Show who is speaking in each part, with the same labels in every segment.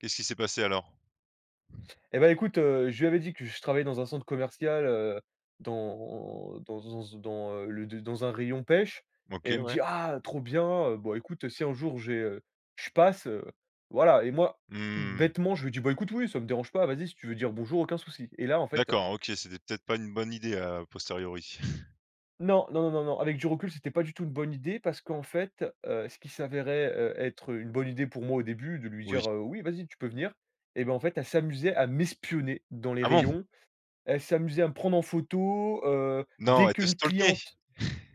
Speaker 1: Qu'est ce qui s'est passé alors?
Speaker 2: Eh ben écoute, heu, je lui avais dit que je travaillais dans un centre commercial, heu, dans dans z dans, heu, le dans un rayon pêche et
Speaker 1: OK,
Speaker 2: elle me
Speaker 1: ouais.
Speaker 2: dit: «Ah, trop bien, heu, bon écoute, si un jour j'ai heu, je passe», heu, voilà. Et moi,
Speaker 1: Mmh.
Speaker 2: bêtement je lui dis: «Bahh écoute oui ça me dérange pas, vas y si tu veux dire "bonjour" aucun souci». Et là en fait
Speaker 1: D'accord OK, c'était peut être pas une bonne idée à posteriori.
Speaker 2: Non, non, non, non, non, avec du recul c'était pas du tout une bonne idée parce qu'en fait, heu, ce qui s'avérait, heu, être une bonne idée pour moi au début, de lui dire,
Speaker 1: Oui.
Speaker 2: heu: «Oui vas y tu peux venir» et bah en fait, elle s'amusait à m'espionner dans les
Speaker 1: Ah bon?
Speaker 2: rayons. Elle s'amusait à me prendre en photo, heu,
Speaker 1: Non,
Speaker 2: dès
Speaker 1: elle te
Speaker 2: qu'une
Speaker 1: stalkait?
Speaker 2: cliente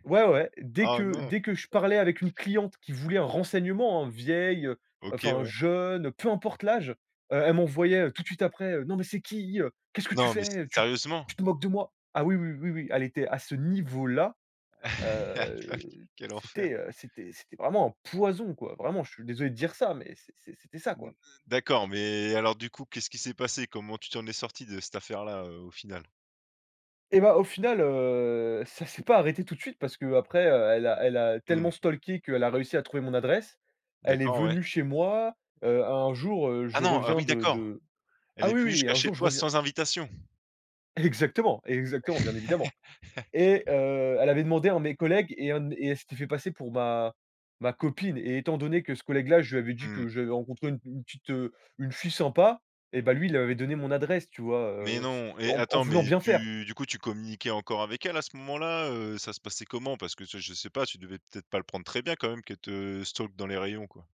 Speaker 2: ouais ouais, dès
Speaker 1: Oh
Speaker 2: que
Speaker 1: non.
Speaker 2: dès que je parlais avec une cliente qui voulait un renseignement hein, vieille, heu,
Speaker 1: OK,
Speaker 2: enfin
Speaker 1: ouais.
Speaker 2: jeune, peu importe l'âge, heu, elle m'envoyait, heu, tout de suite après, heu: «Non mais c'est qui? Heu, qu'est-ce que tu
Speaker 1: Non mais s
Speaker 2: fais? Tu
Speaker 1: sérieusement?
Speaker 2: tu te moques de moi?» ah oui, oui, oui, oui, elle était à ce niveau-là, heu,
Speaker 1: Quel enfer.
Speaker 2: c'était, heu, c'était c'était vraiment un poison quoi. Vraiment je suis désolé de dire ça mais c'est c'est c'était ça
Speaker 1: Mmh
Speaker 2: quoi.
Speaker 1: d'accord mais alors du coup qu'est ce qui s'est passé? Comment tu t'en es sorti de cette affaire-là, heu, au final?
Speaker 2: Et bah au final, heu, ça c'est pas arrêté tout de suite parce qu'après elle a elle a
Speaker 1: Mmh.
Speaker 2: tellement stalké qu'elle a réussi à trouver mon adresse. Elle est
Speaker 1: D'accord ouais.
Speaker 2: venue chez moi, heu, un jour, heu,
Speaker 1: Ah
Speaker 2: je
Speaker 1: non, ah
Speaker 2: reviens
Speaker 1: oui,
Speaker 2: de
Speaker 1: d'accord.
Speaker 2: de
Speaker 1: Elle
Speaker 2: ah
Speaker 1: est
Speaker 2: oui,
Speaker 1: venue
Speaker 2: oui,
Speaker 1: jusqu'à
Speaker 2: un
Speaker 1: chez
Speaker 2: jour je
Speaker 1: toi
Speaker 2: reviens
Speaker 1: sans invitation?
Speaker 2: Exactement, exactement, bien évidemment. Et heu, elle avait demandé à un de mes collègues et un dem et elle s'était fait passer pour ma ma copine. Et étant donné que ce collègue-là, je lui avais dit
Speaker 1: Mmh.
Speaker 2: que j'avais rencontré u une petite, heu, une fille sympa, et bah lui il lui avait donné mon adresse tu vois,
Speaker 1: Mais
Speaker 2: heu,
Speaker 1: non et
Speaker 2: en en
Speaker 1: attends
Speaker 2: voulant
Speaker 1: mais
Speaker 2: bien faire.
Speaker 1: tu du coup tu communiquais encore avec elle à ce moment-là, heu, ça se passait comment? Parce que ce je sais pas, tu devais peut-être pas le prendre très bien quand même qu'elle te stalk dans les rayons quoi?